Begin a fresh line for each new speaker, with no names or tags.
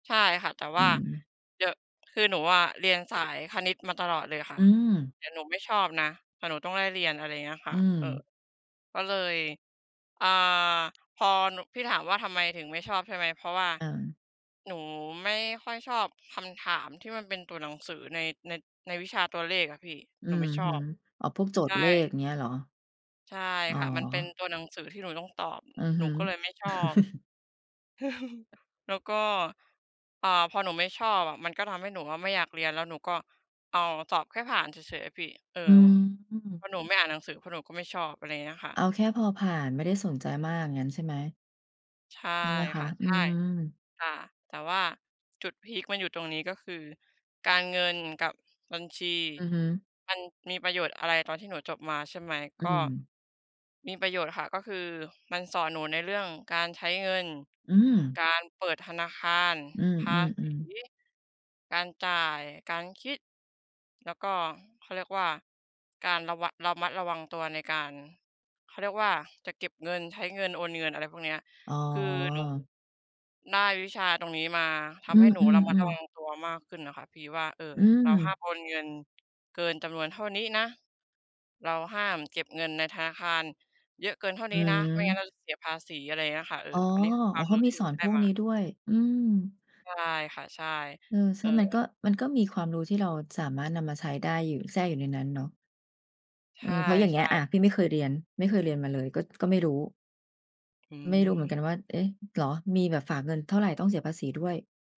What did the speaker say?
ใช่ค่ะ แต่
อ
ว
ื
่า
ม
เดี๋ยว คือหนูอะ เรียนสายคณิตมาตลอดเลยค่
อ
ะ
ืม
แต่หนูไม่ชอบนะ แต่หนูต้องได้เรียน อะไรเงี้ยค
อ
่
ื
ะ เอ่อ
ม
ก็เลย อ่า พอหนู พี่ถามว่า ทำไมถึงไม่ชอบใช่ไหม เพราะว่า
อา
หนูไม่ค่อยชอบคำถามที่มันเป็นตัวหนังสือใน ใน ในวิชาตัวเลขอะพี่
อื
หนูไ
อ
ม่ชอ
ฮึ
บ
อ๋อ พวกโจ
ใช
ทย์
่
เลขเงี้ยเหรอ?
ใช่
อ๋อ
ค่ะ มันเป็นตัวหนังสือที่หนูต้องตอบ
อือฮ
หนู
ึ
ก็เลยไม่ชอบ แล้วก็ เอ่อ พอหนูไม่ชอบอะ มันก็ทำให้หนูอะไม่อยากเรียน แล้วหนูก็เอาสอบแค่ผ่านเฉย ๆ อะพี่ เออ
อืม
พอหนูไม่อ่านหนังสือ เพราะหนูก็ไม่ชอบอะไรอย่างเงี้ยอะค่
เอ
ะ
าแค่พอผ่าน ไม่ได้สนใจมากงั้นใช่ไหม?
ใช่
ใช่ไหมค
ค
ะ?
่ะ
อื
ใช่
ม
ค่ะ แต่ว่าจุดพีกมันอยู่ตรงนี้ ก็คือการเงินกับบัญชี
อือฮึ
มันมีประโยชน์อะไร ตอนที่หนูจบมา ใช่ไหม
อ
ก
ื
็
ม
มีประโยชน์ค่ะ ก็คือมันสอนหนูในเรื่องการใช้เงิน
อืม
การเปิดธนาคาร
อื
ภาษี
อ ๆ ๆ
การจ่าย การคิด แล้วก็เขาเรียกว่า การระวัง ระมัดระวังตัวในการ เขาเรียกว่า จะเก็บเงิน ใช้เงิน โอนเงินอะไรพวกเนี้ย
อ๋
คือหนู
อ
ได้วิชาตรงนี้มา ท
อื
ำให้หนูระมัดร
อ
ะ
ๆ
วั
ๆ
งตัวมากขึ้นน่ะค่ะ ที่ว่า เอ่อ
อื
เราห้
อ
ามโอนเงินเกินจำนวนเท่านี้นะ เราห้ามเก็บเงินในธนาคารเยอะเกินเท่า
อื
นี้นะ ไม่งั้นเ
ม
ราจะเสียภาษีอะไรเงี้ยค่ะ เออ
อ๋อ
อันนี้คือค
โอ
ว
้
าม
เข
ร
า
ู้
มี
ที่ห
ส
นู
อน
ได
พ
้
วก
ม
นี้
า
ด้วย อืม
ใช่ค่ะ ใช่
เออ ใ
เอ
ช่ มัน
อ
ก็ มันก็มีความรู้ที่เราสามารถนำมาใช้ได้อยู่ แทรกอยู่ในนั้นเนาะ
ใ
อ
ช
ื
่
ม เพราะอย่างเงี้ย อ่า พี่
ๆ
ไม่เคยเรียน ไม่เคยเรียนมาเลย ก็ ก็ไม่รู้
อื
ไม่รู้เห
ม
มือนกันว่า เอ๊ะ! เหรอ? มีแบบฝากเงินเท่าไร ต้องเสียภาษีด้วย